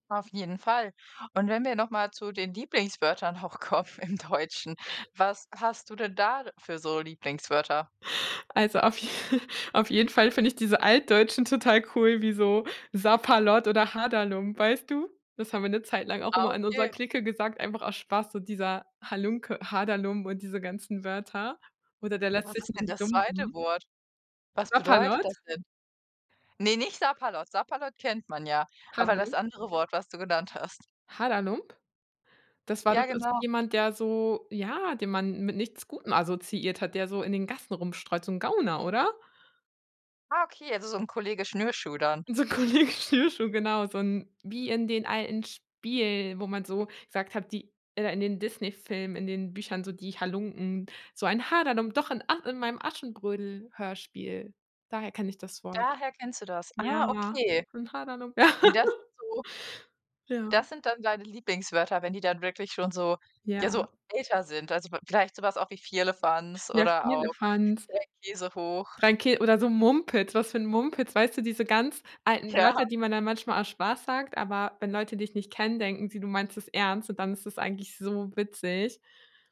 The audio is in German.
Auf jeden Fall. Und wenn wir noch mal zu den Lieblingswörtern auch kommen im Deutschen, was hast du denn da für so Lieblingswörter? Also, auf auf jeden Fall finde ich diese Altdeutschen total cool, wie so Sapperlot oder Haderlump, weißt du? Das haben wir 'ne Zeit lang auch Ah, immer in unserer okay. Clique gesagt, einfach aus Spaß, so dieser Halunke, Haderlump und diese ganzen Wörter oder „der lässt Was sich ist nicht denn das 2. lumpen“. Wort? Was bedeutet Sapperlot? das denn? Ne, nicht Sapperlot. Sapperlot kennt man ja, aber das Haderlump? andere Wort, was du genannt hast. Haderlump? Das war doch Ja, is genau. jemand, der so, ja, den man mit nichts Gutem assoziiert hat, der so in den Gassen rumstreut, so 'n Gauner, oder? Ah, okay, also so 'n Kollege Schnürschuh dann. So 'n Kollege Schnürschuh, genau, so 'n wie in den alten Spielen, wo man so gesagt hat, die äh, in den Disney-Filmen, in den Büchern, so die Halunken, so ein Haderlump, doch in and in meinem Aschenbrödel-Hörspiel. Daher kenne ich das Wort. Daher kennst du das. Ah, Ja, okay. so ein Haderlump. Ja. Und das so Ja. das sind dann deine Lieblingswörter, wenn die dann wirklich schon so, Ja. ja, so älter sind. Also, vi vielleicht so was auch wie Firlefanz Ja, oder auch Firlefanz. Dreikäsehoch. Dreikä oder so Mumpitz, was für 'n Mumpitz, weißt du, diese ganz alten Ja. Wörter, die man dann manchmal aus Spaß sagt, aber wenn Leute dich nicht kennen, denken sie, du meinst es ernst, und dann ist es eigentlich so witzig.